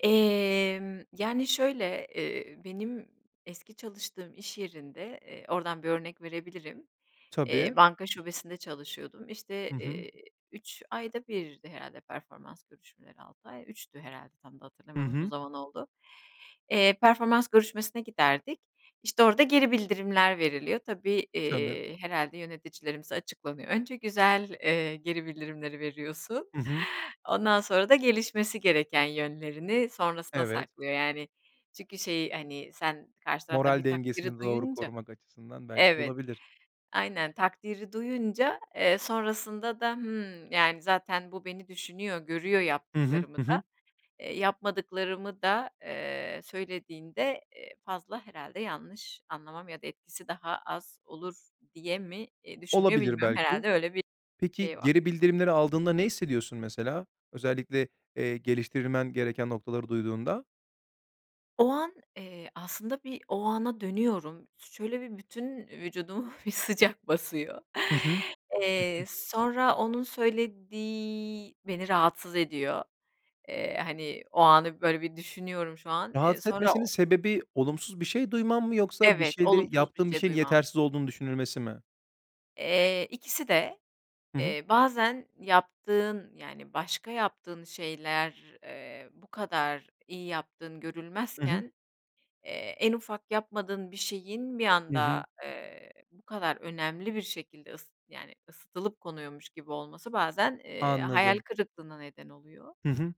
Emm yani şöyle, eee, benim eski çalıştığım iş yerinde, eee, oradan bir örnek verebilirim, eee, Tabii. banka şubesinde çalışıyordum, işte, Hı hı. eee, 3 ayda 1'di herhâlde performans görüşmeleri, 6 ay 3'tü herhâlde tam da Hı hatırlamıyorum uzun hı. zaman oldu. Eee, performans görüşmesine giderdik. İşte orada geri bildirimler veriliyor. Tabii, Tabii. eee, herhâlde yöneticilerimiz açıklanıyor. Önce güzel, eee, geri bildirimleri veriyorsun. Hı hı. Ondan sonra da gelişmesi gereken yönlerini sonrasına Evet. saklıyor yani. Çünkü şey, hani, sen karşı taraftan Moral bir takdiri dengesini doğru duyunca, korumak açısından belki evet, olabilir. aynen takdiri duyunca, eee, sonrasında da, hımm yani zaten bu beni düşünüyor görüyor Hı hı. yaptıklarımı Hı hı. da, eee, yapmadıklarımı da, eee, söylediğinde, eee, fazla herhâlde yanlış anlamam ya da etkisi daha az olur diye mi, eee, düşünüyor Olabilir bilmiyorum belki. herhâlde öyle bir Peki şey var. geri bildirimleri aldığında ne hissediyorsun mesela? Özellikle, eee, geliştirmen gereken noktaları duyduğunda. O an, eee, aslında bir o ana dönüyorum. Ş şöyle bir bütün vücudumu bir sıcak basıyor. Hı hı. Hı Eee, hı. sonra onun söylediği beni rahatsız ediyor. Eee, hani, o anı böyle bir düşünüyorum şu an. Eee, Rahatsız sonra etmesinin o sebebi olumsuz bir şey duyman mı yoksa bir Evet, şeyleri olumsuz bir yaptığın bir şey şeyin duymam. yetersiz olduğunun düşünülmesi mi? Eee, ikisi de, Hı hı. eee, bazen yaptığın yani başka yaptığın şeyler, eee, bu kadar iyi yaptığın Hı hı. görülmezken, eee, en ufak yapmadığın bir şeyin bir Hı hı. anda, eee, bu kadar önemli bir şekilde ıs yani ısıtılıp konuyormuş gibi olması bazen, eee, hayal Anladım. kırıklığına neden oluyor. Hı hı.